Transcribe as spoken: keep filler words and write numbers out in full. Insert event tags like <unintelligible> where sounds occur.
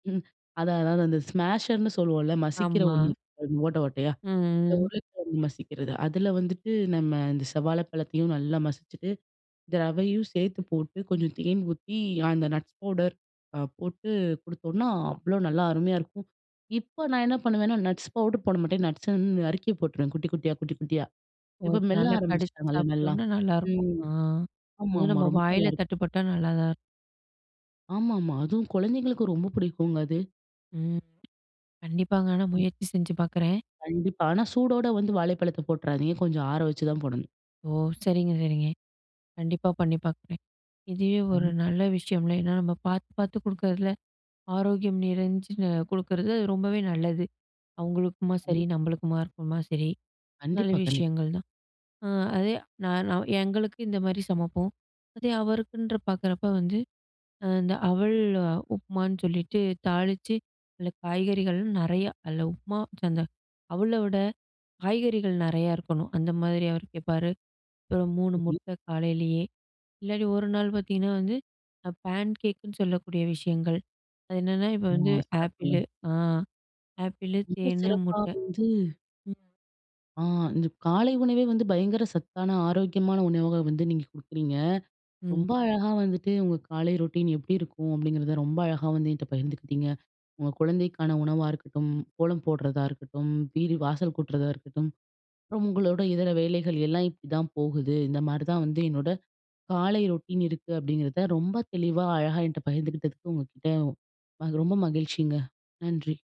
ம். அதான், அதான். அந்த ஸ்மாஷர்னு சொல்லுவோம்ல, மசிக்கிற ஆமா. ஒண்ணு, ஓட்ட ஓட்டையா, ம். ம். உருளைக்கிழங்கு மசிக்கிறது. அதுல வந்துட்டு நம்ம இந்த செவ்வாழைப்பழத்தையும் நல்லா மசிச்சிட்டு, இந்த ரவையும் சேர்த்துப் போட்டு, கொஞ்சம் தேன் ஊத்தி, அந்த நட்ஸ் பவுடர் அ போட்டு குடுத்தோம்னா, அவ்ளோ நல்லா அருமையா இருக்கும். இப்ப நான் என்ன பண்ணுவேன்னா, நட்ஸ் பவுடர் போடமாட்டேன். நட்ஸ் வந்து நறுக்கி போட்டுருவேன், குட்டி குட்டியா, குட்டி குட்டியா. ஓ, இப்ப இப்ப மெல்ல நல்லா கடிச்சு ஆரம்பிச்சிட்டாங்கள்ல நல்லா. சாப்பிட்டோம்னா நல்லா இருக்கும். ம். ஆ, அது ஆமாமா. நம்ப ரொம்ப நல்லா வாயில இருக்கும். தட்டுப்பட்டா நல்லாதான் இருக்கும். ஆமாமா, அதுவும் குழந்தைகளுக்கு ரொம்ப பிடிக்கும்ங்க அது. ம். கண்டிப்பாங்க ஆனா ம். முயற்சி செஞ்சு பார்க்குறேன். கண்டிப்பா. ஆனா, சூடோட வந்து வாழைப்பழத்த போட்டுறாதீங்க. கொஞ்சம் ஆறவச்சுதான் போடணும். ஓ, சரிங்க, சரிங்க. கண்டிப்பா பண்ணி பார்க்குறேன். இதுவே ஒரு நல்ல விஷயம்ல, ஏன்னா நம்ம பார்த்துப் பார்த்து குடுக்குறதுல, ஆரோக்கியம் நிறைஞ்சு குடுக்குறது ரொம்பவே நல்லது. அவங்களுக்குமா சரி, நம்மளுக்குமா இருக்குமா சரி, நல்ல கண்டிப்பா, கண்டி விஷயங்கள் தான். ஆ அதே, நா நான் எங்களுக்கு இந்த மாரி சமப்போம். அதே அவருக்குன்ற பார்க்கிறப்ப வந்து, அந்த அவல் உப்புமான்னு சொல்லிட்டு தாளிச்சு, அதுல காய்கறிகள் நிறைய. அது உப்புமா, அந்த அவலோட காய்கறிகள் நறைய இருக்கணும், அந்த மாரி அவர் கேப்பாரு. அப்புறம் மூணு <unintelligible> முட்ட காலையிலயே, இல்லாட்டி ஒரு நாள் பார்த்தீங்கன்னா வந்து, பேன்கேக்னு சொல்லக்கூடிய விஷயங்கள். அது என்னன்னா, இப்ப ஆ. வந்து சிறப்புங்க. ஆப்பிளு ஆ, ஆப்பிளு, ரொம்ப தேனு, சிறப்பா முட்ட. வந்து ம். ஆ, இந்த காலை உணவே வந்து பயங்கர சத்தான, ஆரோக்கியமான உணவா வந்து நீங்க குடுக்குறீங்க. ம். ரொம்ப அழகா வந்துட்டு உங்க காலை ரொட்டீன் எப்டி இருக்கும் அப்டிங்கிறத ரொம்ப அழகா வந்து என்ட்ட பகிர்ந்துகிட்டீங்க. உங்க குழந்தைக்கான உணவா இருக்கட்டும், கோலம் போடுறதா இருக்கட்டும், வீடு வாசல் கூட்டுறதா இருக்கட்டும், அப்புறம் உங்களோட இதர வேலைகள் எல்லாம் இப்டித்தான் போகுது. இந்த மாரிதான் வந்து என்னோட காலை ரொட்டீன் இருக்கு அப்டிங்கிறத ரொம்ப தெளிவா, அழகா என்ட்ட பகிர்ந்துகிட்டதுக்கு உங்ககிட்ட அது ரொம்ப மகிழ்ச்சிங்க. நன்றி.